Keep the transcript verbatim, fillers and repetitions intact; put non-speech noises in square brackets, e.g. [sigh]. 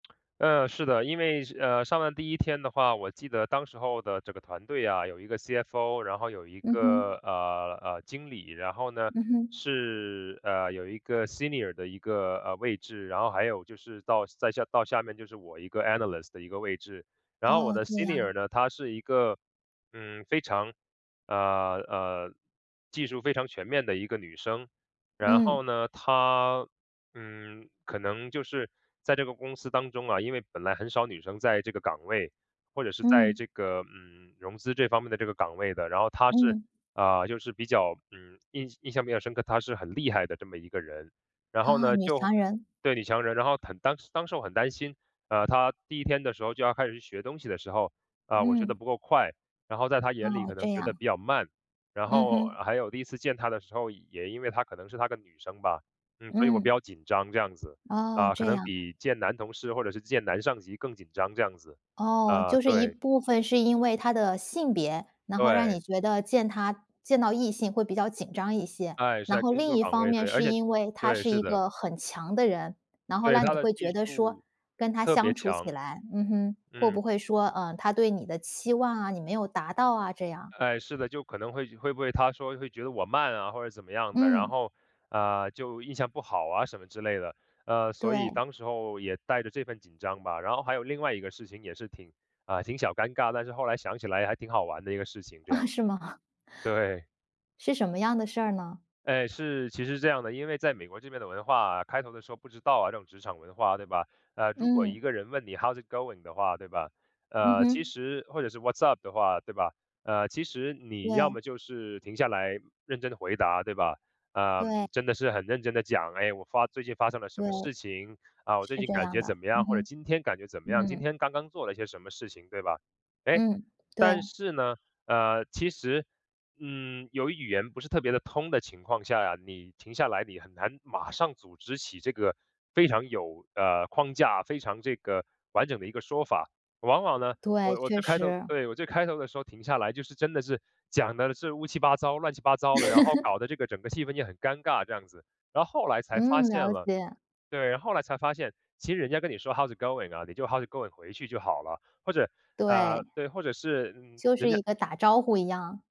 [smacks lips] 呃，是的。因为是呃，上了第一天的话，我记得当时候的这个团队啊，有一个 CFO，然后有一嗯个，哼。呃，呃，经理。然后呢，嗯哼。是，呃，有一个 senior 的一个，呃，位置，然后还有就是到再下到下面，就是我一个 analyst 的一个位置。然后我哦，的这样啊。senior 呢，她是一个，嗯，非常，呃，呃，技术非常全面的一个女生。然嗯。后呢，她，嗯，可能就是在这个公司当中啊，因为本来很少女生在这个岗位，或者是在嗯。这个，嗯，融资这方面的这个岗位的。然后她是，嗯。呃，就是比较，嗯，印印象比较深刻，她是很厉害的这么一个人。然后啊，呢，女就强人。对，女强人。然后很当当时我很担心，呃，她第一天的时候就要开始去学东西的时候，啊，我学得嗯。不够快，然后在她眼里，哦，可这能觉得样。比较慢。然嗯后哼。还有第一次见她的时候，也因为她可能是她个女生吧，嗯，所以我嗯。比较紧张，这样子，哦，啊，可这能样。比见男同事或者是见男上级更紧张，这样子，哦，呃，就是一对。部分是因为她的性别，然后让你对。觉得见她见到异性会比较紧张一些。哎，是然在后工另作一岗方位，面，对，而是且因为她对，是是一的。个很强的人，然后对，让她你的会技觉得说，术跟她特别相处起强，来嗯哼，会嗯。不会说，呃，她对你的期望啊，你没有达到啊，这样。哎，是的，就可能会会不会她说会觉得我慢啊，或者怎么样的，然嗯。后，呃，就印象不好啊，什么之类的。呃，所以对。当时候也带着这份紧张吧。然后还有另外一个事情也是挺啊，挺小尴尬，但是后来想起来还挺好玩的一个事情这样。啊，是吗？[chuckles] 对。是什么样的事儿呢？哎，是其实是这样的。因为在美国这边的文化啊，开头的时候不知道啊，这种职场文化，对吧？呃，如果一嗯。个人问你：“How’s it going” 的话，对吧？嗯呃，其哼。实或者是 “What’s up” 的话，对吧？呃，其实你要对。么就是停下来认真地回答，对吧？呃，对。真的是很认真地讲，哎，我发最近发生了什对。么事情，啊，我最是近这感样觉怎的，么样，嗯或者哼，今天感觉怎么样，今嗯。天刚刚做了一些什么事情，对吧？哎，嗯，对。但是呢，呃，其实，嗯，由于语言不是特别地通的情况下呀，你停下来，你很难马上组织起这个非常有，呃，框架，非常这个完整的一个说法。往往呢，对，我我确最开头实。对，我最开头的时候停下来，就是真的是讲得是乌七八糟、乱七八糟的，然后 [laughs] 搞得这个整个气氛也很尴尬，这样子。然后后来才发嗯，现了了解。对，后来才发现，其实人家跟你说 “How’s it going” 啊，你就 “How’s it going” 回去就好了，或者对。呃，对，或者是，嗯，就人是家一个打招呼一样。